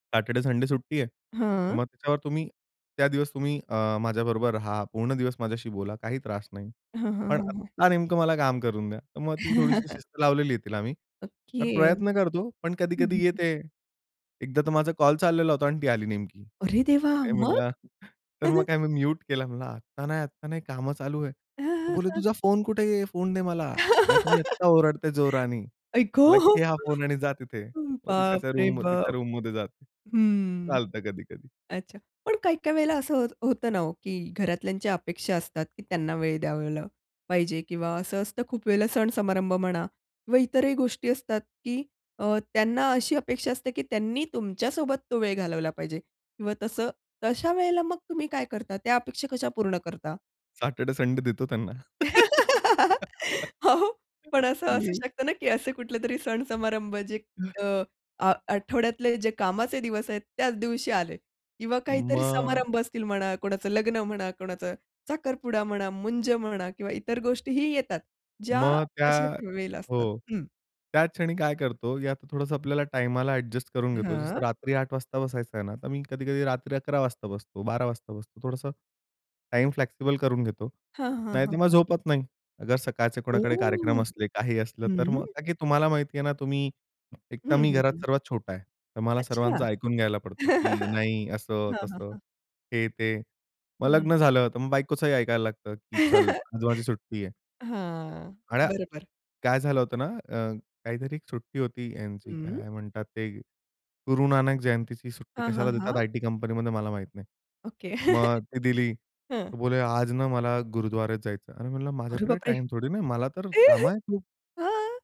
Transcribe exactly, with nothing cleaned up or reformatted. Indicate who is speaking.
Speaker 1: "Saturday, Sunday सुट्टी आहे. तर
Speaker 2: हां.
Speaker 1: मग तेव्हा तुम्ही, त्या दिवस तुम्ही अ, माझ्याबरोबर रहा. पूर्ण दिवस माझ्याशी बोला, काही त्रास नाही.
Speaker 2: हं, हं,
Speaker 1: पण
Speaker 2: हं, हं.
Speaker 1: आता नेमकं मला काम करून द्या." तर मग ती थोडीशी शिस्त लावलेली आहे तिला मी.
Speaker 2: ओके.
Speaker 1: तर
Speaker 2: हं,
Speaker 1: प्रयत्न करतो पण
Speaker 2: हं,
Speaker 1: कधी-कधी
Speaker 2: हं.
Speaker 1: येते. एकदा तर माझा कॉल चाललेला होता अन् ती आली नेमकी.
Speaker 2: अरे देवा!
Speaker 1: अरे
Speaker 2: मग?
Speaker 1: म्हणलं, तर मग काय मी म्यूट केलं म्हणलं, "आत्ता नाही, आत्ता नाही कामं चालू आहे." बोले, "तुझा फोन कुठे आहे? फोन दे मला. नाहीतर मी आत्ता ओरडते जोराने."
Speaker 2: आई ग!
Speaker 1: म्हटलं, "घे हा फोन आणि जा तिथे." मग ती त्याच्या
Speaker 2: बापरे
Speaker 1: रूम तिच्या
Speaker 2: बाप!
Speaker 1: रूममध्ये जाते.
Speaker 2: हं.
Speaker 1: चालतं कधी-कधी.
Speaker 2: अच्छा. पण काही, काही वेळेला असं होत होतं ना हो, की घरातल्यांच्या अपेक्षा असतात की त्यांना वेळ द्यावला पाहिजे किंवा असं असतं खूप वेळेला सण-समारंभ म्हणा किंवा इतरही गोष्टी असतात, की अ, त्यांना अशी अपेक्षा असते की त्यांनी तुमच्या सोबत तो वेळ घालवला पाहिजे किंवा तसं. तर अशा वेळेला मग तुम्ही काय करता? त्या अपेक्षा कशा पूर्ण करता?
Speaker 1: सॅटेरडे, संडे देतो त्यांना.
Speaker 2: हो, पण असं असू
Speaker 1: मी.
Speaker 2: शकतं ना की असे कुठलेतरी सण समारंभ जे अ, आ आठवड्यातले जे कामाचे दिवस आहेत त्याच दिवशी आले किंवा काहीतरी
Speaker 1: मग
Speaker 2: समारंभ असतील म्हणा, कोणाचं लग्न म्हणा, कोणाचा साखरपुडा म्हणा, मुंज म्हणा किंवा इतर गोष्टीही येतात. ज्या
Speaker 1: मग त्या
Speaker 2: अशाच वेळेला असतात.
Speaker 1: हो,
Speaker 2: हं.
Speaker 1: त्याच क्षणी काय करतो, यात थोडंसं आपल्याला टाईमाला ॲडजस्ट करून घेतो. जसं
Speaker 2: हां.
Speaker 1: रात्री आठ वाजता बसायचं आहे ना, तर मी कधी-कधी रात्री अकरा वाजता बसतो, बारा वाजता बसतो. थोडंसं टाईम फ्लेक्सिबल करून घेतो.
Speaker 2: हां, हां, हां,
Speaker 1: नाहीतर मग
Speaker 2: हां.
Speaker 1: झोपत नाही. अगर सकाळचे कोणाकडे कार्यक्रम
Speaker 2: ओह!
Speaker 1: असले, काही असलं तर
Speaker 2: हं.
Speaker 1: मग का की तुम्हाला माहिती आहे ना तुम्ही, एक तर
Speaker 2: हं,
Speaker 1: मी
Speaker 2: हं,
Speaker 1: घरात
Speaker 2: हं.
Speaker 1: सर्वात छोटा आहे. तर मला
Speaker 2: अच्छा.
Speaker 1: सर्वांचं ऐकून घ्यायला पडतो, की नाही असं
Speaker 2: हां, हां,
Speaker 1: तसं,
Speaker 2: हां.
Speaker 1: हे ते. मग
Speaker 2: हं.
Speaker 1: लग्न झालं. तर मग बायकोचंही ऐकायला लागतं, की "चल उद्या माझी सुट्टी आहे." [unintelligible]
Speaker 2: हां,
Speaker 1: आया
Speaker 2: बरोबर.
Speaker 1: काय झालं होतं ना अ, काहीतरी एक सुट्टी होती यांची
Speaker 2: हं.
Speaker 1: काय म्हणतात ते गुरुनानक जयंतीची सुट्टी.
Speaker 2: हां, हां,
Speaker 1: कशाला देतात
Speaker 2: हां.
Speaker 1: आयटी कंपनीमध्ये मला माहीत नाही.
Speaker 2: ओके.
Speaker 1: मग ती दिली.
Speaker 2: हं.
Speaker 1: तो बोलले आज न मला गुरुद्वारेत जायचं. "अरे," म्हणलं,
Speaker 2: अरे
Speaker 1: "माझ्याकडे
Speaker 2: बापरे!
Speaker 1: टाईम थोडी ना आहे. मला तर कामं आहे खूप."
Speaker 2: हां.